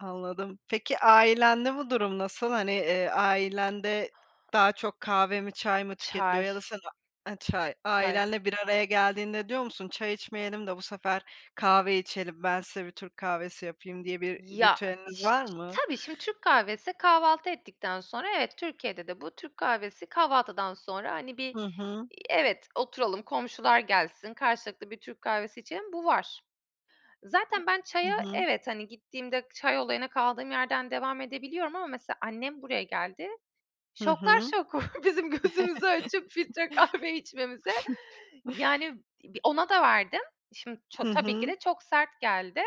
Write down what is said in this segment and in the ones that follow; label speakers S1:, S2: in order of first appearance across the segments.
S1: Anladım. Peki ailende bu durum nasıl? Hani, eee, ailende daha çok kahve mi çay mı tüketiliyor?
S2: Çay.
S1: Ya da sen ha çay
S2: Çay.
S1: ailenle bir araya geldiğinde diyor musun çay içmeyelim de bu sefer kahve içelim, ben size bir Türk kahvesi yapayım diye bir
S2: Ya
S1: ritüeliniz
S2: iş
S1: var mı?
S2: tabii şimdi Türk kahvesi kahvaltı ettikten sonra evet Türkiye'de de bu Türk kahvesi kahvaltıdan sonra, hani, bir,
S1: Hı hı.
S2: eee, evet oturalım komşular gelsin karşılıklı bir Türk kahvesi içelim bu var.
S1: A
S2: Zaten ben
S1: Hı
S2: çaya
S1: hı.
S2: evet hani gittiğimde çay olayına kaldığım yerden devam edebiliyorum ama mesela annem buraya geldi.
S1: Hı
S2: Şoklar
S1: hı.
S2: şoku bizim gözümüzü açıp filtre kahve içmemize. Yani b ona da verdim. Şimdi ça
S1: Hı
S2: tabii ki
S1: hı.
S2: de çok sert geldi.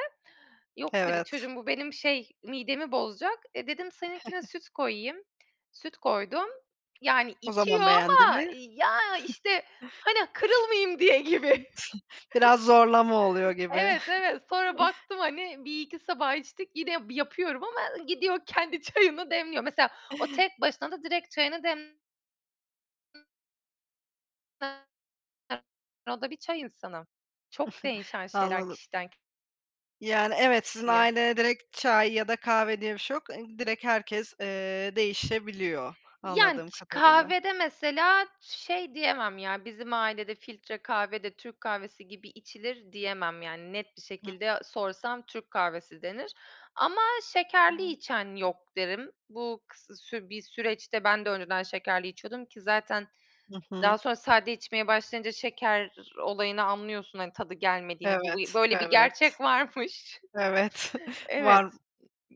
S2: Yok dedi,
S1: Evet.
S2: çocuğum bu benim şey midemi bozacak. E, dedim seninkine süt koyayım. Süt koydum. Yani
S1: O
S2: içiyor
S1: zaman beğendi
S2: ama
S1: mi?
S2: ya işte hani kırılmayayım diye gibi.
S1: Biraz zorlama oluyor gibi.
S2: Evet, evet sonra baktım hani 1-2 sabah içtik yine ya yapıyorum ama gidiyor kendi çayını demliyor. Mesela o tek başına da direkt çayını dem [unintelligible] [unintelligible] [unintelligible] O da bir çay insanı. Çok değişen şeyler
S1: Anladım.
S2: kişiden ki
S1: Yani evet sizin
S2: Kişiye.
S1: ailede direkt çay ya da kahve diye bir şey yok, ı direkt herkes, eee, değişebiliyor
S2: Yani
S1: anladığım
S2: ç
S1: kadarıyla.
S2: kahvede mesela şey diyemem ya bizim ailede filtre kahve de Türk kahvesi gibi içilir diyemem yani net bir
S1: Hıh.
S2: şekilde sorsam Türk kahvesi denir ama şekerli
S1: [unintelligible]
S2: içen yok derim. Bu kıs sür bir süreçte ben de önceden şekerli içiyordum ki zaten
S1: Hı
S2: daha
S1: hı.
S2: sonra sade içmeye başlayınca şeker olayını anlıyorsun hani tadı gelmediğini. Bu
S1: Evet,
S2: bir böyle bir
S1: evet.
S2: gerçek varmış
S1: Evet,
S2: Evet.
S1: var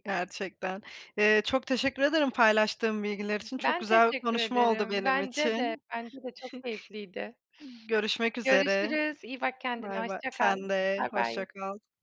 S1: gerçekten. Eee, çok teşekkür ederim paylaştığım bilgiler için. Çok
S2: Ben
S1: güzel bir
S2: teşekkür
S1: konuşma oldu
S2: ederim.
S1: benim
S2: Bence de,
S1: için.
S2: bence de çok
S1: G
S2: keyifliydi.
S1: görüşmek üzere.
S2: Görüşürüz, iyi bak kendine,
S1: Bay bay,
S2: hoşça kal.
S1: sen de,
S2: Bay bay.
S1: hoşça kal.